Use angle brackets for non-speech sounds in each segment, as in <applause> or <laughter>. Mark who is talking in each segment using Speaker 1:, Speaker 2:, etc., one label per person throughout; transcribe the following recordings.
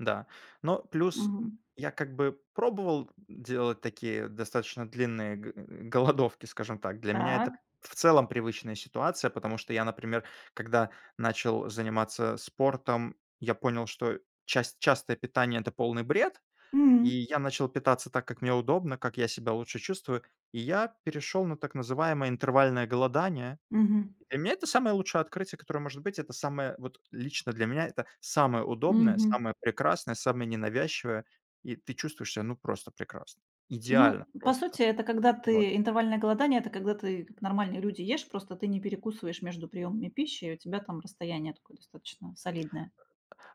Speaker 1: Да, но плюс, м,
Speaker 2: Мгм.
Speaker 1: я, как бы, пробовал, м, делать такие достаточно длинные г голодовки, скажем так. Для меня это,
Speaker 2: Так.
Speaker 1: в целом, привычная ситуация, потому что я, например, когда начал заниматься спортом, я понял, что част частое питание- это полный бред, и
Speaker 2: Мгм.
Speaker 1: я начал питаться так, как мне удобно, как я себя лучше чувствую. И я перешел на так называемое интервальное голодание.
Speaker 2: Мгм.
Speaker 1: Для меня это самое лучшее открытие, которое может быть- это самое вот. Лично для меня это самое удобное,
Speaker 2: Мгм.
Speaker 1: самое прекрасное, самое ненавязчивое, и ты чувствуешь себя, ну, просто прекрасно.
Speaker 2: Ну,
Speaker 1: Идеально
Speaker 2: по
Speaker 1: просто.
Speaker 2: сути, это когда
Speaker 1: Вот.
Speaker 2: ты интервальное голодание- это когда ты, как нормальные люди, ешь, просто ты не перекусываешь между приёмами пищи, и у тебя там расстояние такое достаточно солидное.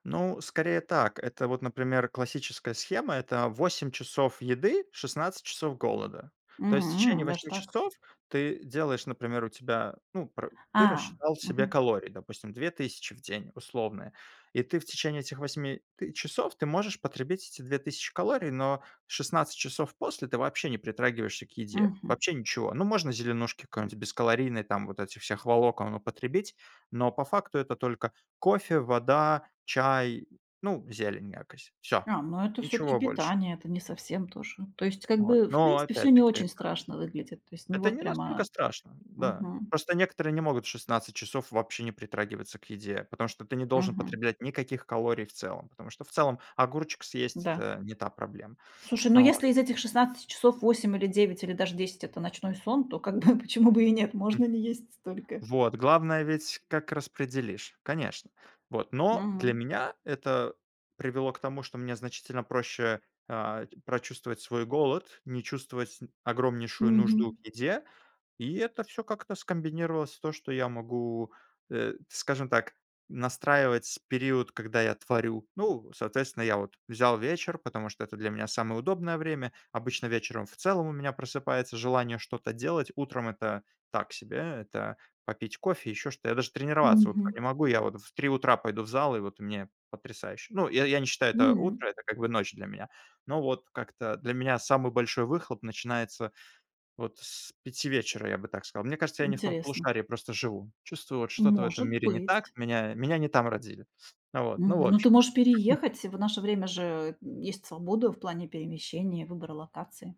Speaker 1: Ну, скорее так. Это вот, например, классическая схема- это 8 часов еды, 16 часов голода. То есть в
Speaker 2: М.
Speaker 1: течение
Speaker 2: Даже
Speaker 1: 8
Speaker 2: так.
Speaker 1: часов ты делаешь, например, у тебя, ну, пр ты
Speaker 2: А.
Speaker 1: рассчитал себе
Speaker 2: Мгм.
Speaker 1: калории, допустим, 2000 в день условные, и ты в течение этих 8 т часов ты можешь потребить эти 2000 калорий, но 16 часов после ты вообще не притрагиваешься к еде,
Speaker 2: Мгм.
Speaker 1: вообще ничего. Ну, можно зеленушки какой-нибудь бескалорийной, там, вот этих всех волокон употребить, но по факту это только кофе, вода, чай, ну, зелень якос Всё,
Speaker 2: А, ну это всё-таки
Speaker 1: ничего больше.
Speaker 2: питание, это не совсем то же. То есть как
Speaker 1: Вот.
Speaker 2: бы, в
Speaker 1: Но
Speaker 2: принципе,
Speaker 1: это
Speaker 2: всё не
Speaker 1: опять-таки
Speaker 2: очень
Speaker 1: это
Speaker 2: страшно выглядит. То есть не
Speaker 1: Это
Speaker 2: вот
Speaker 1: не
Speaker 2: прям
Speaker 1: настолько
Speaker 2: а
Speaker 1: страшно. Да.
Speaker 2: Мгм.
Speaker 1: Просто некоторые не могут 16 часов вообще не притрагиваться к еде, потому что ты не должен
Speaker 2: Мгм.
Speaker 1: потреблять никаких калорий в целом, потому что, в целом, огурчик съесть-
Speaker 2: Да.
Speaker 1: это не та проблема.
Speaker 2: Слушай, но
Speaker 1: А, вот
Speaker 2: если из этих 16 часов 8, или 9, или даже 10- это ночной сон, то как бы <chuckles> почему бы и нет?
Speaker 1: М.
Speaker 2: Можно не есть столько.
Speaker 1: Вот. Главное ведь, как распределишь, конечно. Вот. Но для
Speaker 2: Мгм.
Speaker 1: меня это привело к тому, что мне значительно проще, а, прочувствовать свой голод, м, не чувствовать огромнейшую нужду к
Speaker 2: Мгм.
Speaker 1: еде. И это всё как-то скомбинировалось в то, что я могу, э, скажем так, настраивать период, когда я творю. Ну, соответственно, я вот взял вечер, потому что это для меня самое удобное время. Обычно вечером в целом у меня просыпается желание что-то делать. Утром это так себе. Это попить кофе, еще что-то. Я даже тренироваться утром
Speaker 2: Мгм.
Speaker 1: не могу. Я вот в 3 утра пойду в зал, и вот мне потрясающе. Ну, я я не считаю, это утро,
Speaker 2: М.
Speaker 1: это как бы ночь для меня. Но вот как-то для меня самый большой выхлоп начинается вот с 5 вечера, я бы так сказал. Мне кажется, я не в том
Speaker 2: Интересно.
Speaker 1: полушарии просто живу. Чувствую, вот что-то в этом
Speaker 2: Может
Speaker 1: мире не так,
Speaker 2: быть.
Speaker 1: меня меня не там родили. Ну вот, ну в
Speaker 2: Мгм. Но ты
Speaker 1: общем.
Speaker 2: можешь
Speaker 1: <chuckles>
Speaker 2: переехать. Э, в наше время же, м, есть свобода в плане перемещения, выбора локации.